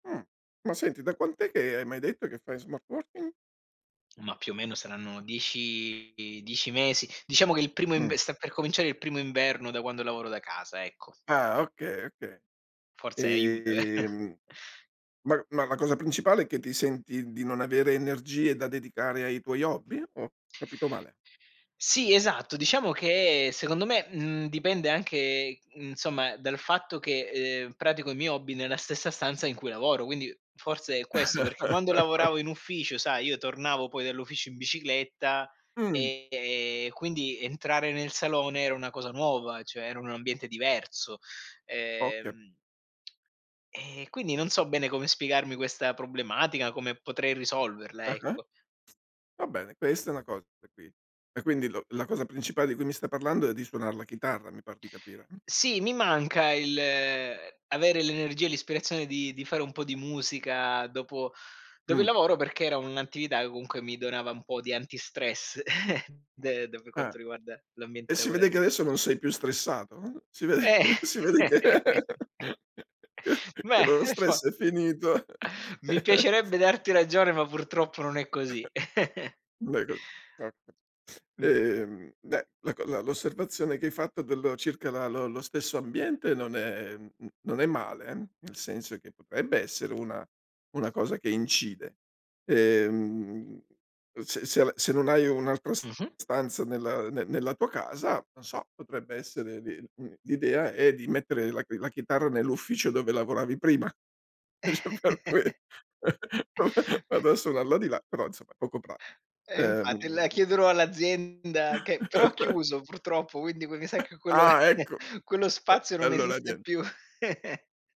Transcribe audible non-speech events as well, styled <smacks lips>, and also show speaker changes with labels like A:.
A: Mh. Ma senti, da quant'è, che m'hai detto, che fai smart working?
B: Ma più o meno saranno 10- 10 mesi, diciamo che il primo inv
A: Mh.
B: sta per cominciare il primo inverno da quando lavoro da casa, ecco.
A: Ah, okay, okay.
B: Forse aiuta, ve
A: Ehm, ma ma la cosa principale è che ti senti di non avere energie da dedicare ai tuoi hobby? Ho capito male?
B: Sì esatto, diciamo che secondo me, mhmm, dipende anche insomma dal fatto che, ehm, pratico i miei hobby nella stessa stanza in cui lavoro, quindi forse è questo; perché quando
A: <laughs>
B: lavoravo in ufficio, sai, io tornavo poi dall'ufficio in bicicletta
A: Mh.
B: e e quindi entrare nel salone era una cosa nuova, cioè era un ambiente diverso,
A: Ho cap
B: ehm <smacks lips> ...e quindi non so bene come spiegarmi questa problematica, come potrei risolverla,
A: Ah-ah.
B: ecco.
A: Va bene, questa è una cosa <unintelligible> e quindi l la cosa principale di cui mi stai parlando è di suonar la chitarra, mi par di capire, mh?
B: Sì, mi manca il uhm, avere l'energia e l'ispirazione di di fare un po' di musica dopo dopo il
A: Mh.
B: lavoro perché era un'attività che comunque mi donava un po' di antistress <chuckles> de de per
A: Eh.
B: quanto riguarda l'ambiente
A: E si vede che
B: lavorati
A: adesso non sei più stressato. Uhm, Si ve
B: Eh,
A: si vede che
B: <chuckles>
A: <laughs> che che
B: beh,
A: lo lo
B: mi fa
A: stress è finito.
B: mi
A: <laughs>
B: piacerebbe darti ragione ma purtroppo non è così. <chuckles>
A: <chuckles> Beh co <unintelligible>
B: Mh.
A: ehm beh, la co la l'osservazione che hai fatto dello circa la lo lo stesso ambiente non è mhmm, non è male eh, nel senso che potrebbe essere una una cosa che incide. Ehm, se se l se non hai un'altra s
B: Mh-mh.
A: stanza nella ne nella tua casa, non so, potrebbe essere di mhmm, l'idea è di mettere la chi la chitarra nell'ufficio dove lavoravi prima. dice: "Per
B: <chuckles>
A: que va <chuckles> vado a suonarlo di là." Però insomma poco pra
B: Eh infatti, la
A: ehm
B: chiederò all'azienda che però ha
A: <chuckles>
B: chiuso purtroppo, quindi poi mi sa
A: <chuckles>
B: che quello
A: Ah
B: <chuckles>
A: ecco,
B: quello
A: <unintelligible>
B: spazio
A: e
B: non
A: allora
B: esiste
A: nien
B: più. <giggles>